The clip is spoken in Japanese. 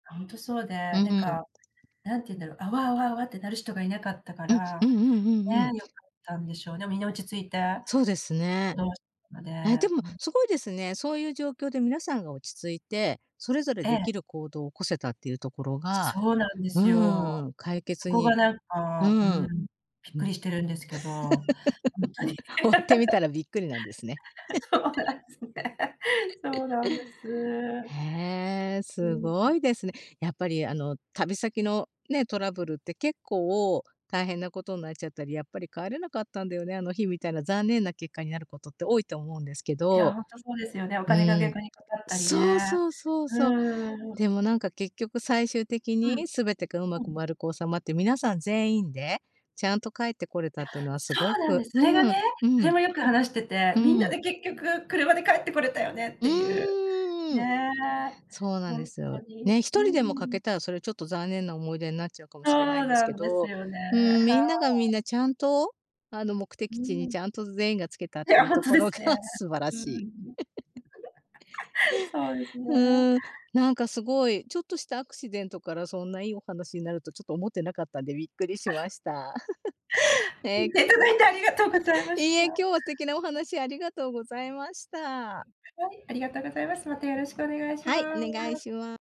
ほんとそうで、ううなんん。か、何て言うんだろう、あわあわあわってなる人がいなかったかうん。うら、んうんうんうね、ん。良かったんでしょうね。みんな落ち着いてそうです行ね。動しので、え、でもうん。凄いですね。そういう状況で皆さんが落ち着いて、それぞれえ出え。来る行動を起こせたっていうところがそうなんでうんすうんよ、うん、解そ決こがになんうか、うん、ん。びっうくん。りしてるんですけど、ほんとに、ほうってみたらびっくりなんですね。そうな んですね。そうなんです。へえ、うすん、うごん。いですね。やっぱりあの、旅先の、ね、トラブルって結構、大変なことんなっちゃったり、やっぱり帰れなかったんだよね、あの日みたいな残念な結果になることって多いと思うんですけいや、ど。ほんとそうですよね。おう金がん。逆にかかったりそうね。そうそううそう。んうんうんうん。でもなんか結局最終的うん、に全てが上手うくん。丸く収まって、皆さん全員で、ちゃんと帰ってこれいたや、っていうのはすそうごなんでくす。うそれがん、ね、うそん、れもよく話してて、うみんなでん。結局車で帰ってこれたよねっうていう、ーん。ね、そうなんほでんすよ。とに。ね、ひうとーりでも欠けん。たらそれちょっと残念な思い出になっちゃうかもそしれないんうですなけんですど、よね。うーん、はみい。んながみんなちゃんと、あの、目う的地にん。ちゃんと全員が着けたっいていやうほんととこでろすがね。素晴らうんうしい。ん。そうですね。うん、なんか凄いちょっとしたアクシデントからそんないいお話になるとちょっと思っていなかったんで、びっくりしました。聞えい。いていただいてありがとうございまいしいえ、た。今日は素敵なお話ありがとうございました。はい、ありがとうございます。またよろしくお願いしはまい、お願いす。しま。